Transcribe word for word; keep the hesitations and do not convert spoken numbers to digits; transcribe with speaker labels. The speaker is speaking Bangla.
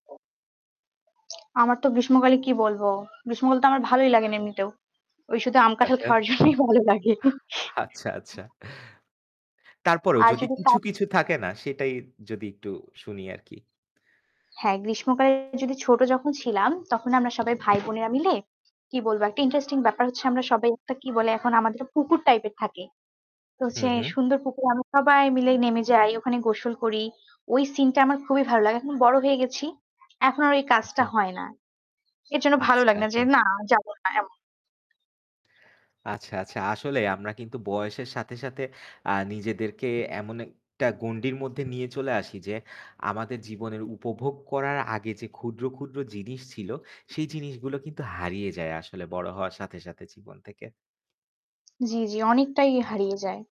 Speaker 1: আমার তো গ্রীষ্মকালে কি বলব? গ্রীষ্মকাল তো আমার ভালোই লাগে না এমনিতেও। ওই শুধু আম কাঁঠাল
Speaker 2: আচ্ছা।
Speaker 1: খাওয়ার জন্যই ভালো লাগে।
Speaker 2: আচ্ছা, আচ্ছা। তারপরও
Speaker 1: আর
Speaker 2: যদি
Speaker 1: যদি তা
Speaker 2: কিছু, কিছু থাকে না সেটাই যদি একটু শুনি আরকি।
Speaker 1: হ্যাঁ, গ্রীষ্মকালে যদি ছোট যখন ছিলাম তখন আমরা সবাই ভাই বোনেরা মিলে কি বলব? একটা interesting
Speaker 2: হুম।
Speaker 1: ব্যাপার হচ্ছে আমরা সবাই একটা কি বলে? এখন আমাদের পুকুর type এর থাকে। তো
Speaker 2: হু,
Speaker 1: হচ্ছে
Speaker 2: হু।
Speaker 1: সুন্দর পুকুর। আমরা সবাই মিলে নেমে যাই, ওখানে গোসল করি। ওই সিন টা আমার খুবই ভালো লাগে। এখন বড় হয়ে গেছি। এখন আর ওই কাজটা
Speaker 2: অ্যাচ্ছা।
Speaker 1: হয় না। এজন্য ভালো
Speaker 2: আচ্ছা,
Speaker 1: লাগে না যে,
Speaker 2: আচ্ছা।
Speaker 1: না যাব না এমন।
Speaker 2: আচ্ছা, আচ্ছা। আসলে আমরা কিন্তু বয়সের সাথে, সাথে আ নিজেদেরকে এমন একটা গন্ডির মধ্যে নিয়ে চলে আসি যে, আমাদের জীবনের উপভোগ করার আগে যে ক্ষুদ্র, ক্ষুদ্র জিনিস ছিল সেই জিনিসগুলো কিন্তু হারিয়ে যায় আসলে বড় হওয়ার সাথে, সাথে জীবন থেকে।
Speaker 1: জি, জি অনেকটাই
Speaker 2: হ্যাঁ, আ
Speaker 1: হারিয়ে যায়।